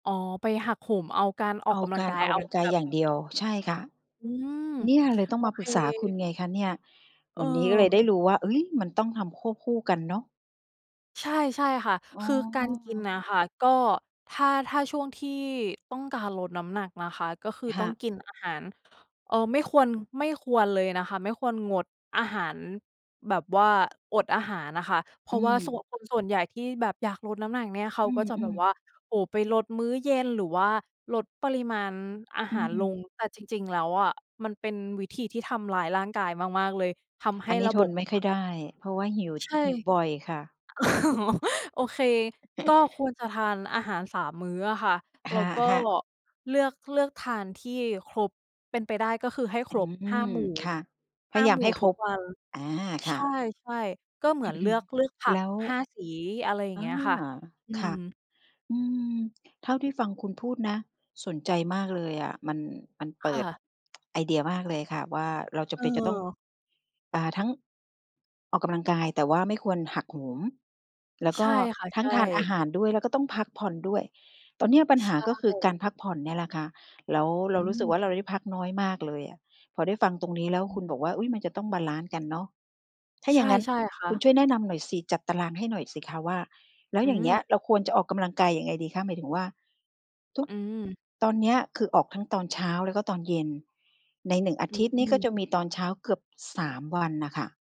อ๋อ ไปหักโหมเอาการอเออกากำลักงากราอย อกเกอาำลังกาแยบบ อย่างเดียว ใช่ค่ะ อืม เนี่ยเลยต้อโองมาเปค รึกษาคุณไงคะเนี่ย วันนี้ก็เลยเออ ได้รู้ว่า ฮึ่ย! มันต้องทำควบคู่กันเนาะ ใช่ ๆ ค่ะ อ๋อ คือการกินน่ะค่ะ ก็ถ้า ถ้าช่วงที่ต้องการลดน้ำหนักนะคะ ก็คือคต้่อะ งกินอาหาร เอ่อ ไม่ควร ไม่ควรเลยนะคะ ไม่ควรงดอาหารแบบว่าอดอาหารอะค่ะ เพรอืาะว่าส่วม น คนส่วนใหญ่ที่แบบอยากลดน้ำหนักเนี่ย เขาอืก็จะแบม บว่า ๆ โอ้โฮ ไปลดมื้อเย็น หรือว่าลดปริมาณอาอหารลืง ม แต่จริง ๆ แล้วอะ มันเป็นวิธีที่ทำร้ายร่างกายมาก ๆ เลย ทำใหอั้นนี้ระทบนบ ไม่ค่อยได้ เพราะว่าหิว ใช่ หิวบ่อยค่ะ อ๋อ โอเค ก็ควรจะทานอาหาร 3 มื้ออะค่ะ อะแล้วก็ฮะ ๆ เลือก เลือกทานที่ครบ เป็นไปได้ก็คือให้อคืรบ 5 ม หมู่ ค่ะ พห้ยา ายาหมมู่ให้คทุรกบ วัน อา คใช่ะ ่ ๆ ก็เหมือนเลือก เลือกผัแก ล้ว 5 สี อะไรอย่างอเงา ี้ยค่ะ อืค่ะ ม อืม เท่าที่ฟังคุณพูดนะ สนใจมากเลยอะ มัน มันเปคิ่ด ะ ไอเดียมากเลยค่ะว่า เราจเำเป็นจะต้อง ออ อ่า ทั้งออกกำลังกาย แต่ว่าไม่ควรหักโหม แล้วกใช็่ค่ะ ทัใ้ชง่ ทานอาหารด้วย แล้วก็ต้องพักผ่อนด้วย ตอนเนี้ยปัญหใชา ก็คือกา่ รพักผ่อนเนี่ยแหละคะ แล้วเรอารู้สึกืม ว่า เราได้พักน้อยมากเลยอะ พอได้ฟังตรงนี้แล้วอคืุม ณบอกว่า อุ๊ย! มันจะต้องบาลันซ์กันเนาะ ถ้าอใยช่างงั้น่ ๆ ค่คุณะ ช่วยแนะนำหน่อยสิ จัดตารางให้หน่อยสิคะว่า แล้วอือย่างเงี้ย ม เราควรจะออกกำลังกายยังไงดีคะ หมายถึงว่าทุก อืม ตอนเนี้ย คือออกทั้งตอนเช้า แล้วก็ตอนเย็น ใน 1 อาอทิตย์นี้ ืก็อ จะมีตอนเช้าเกือบ 3 วันน่ะค่ะ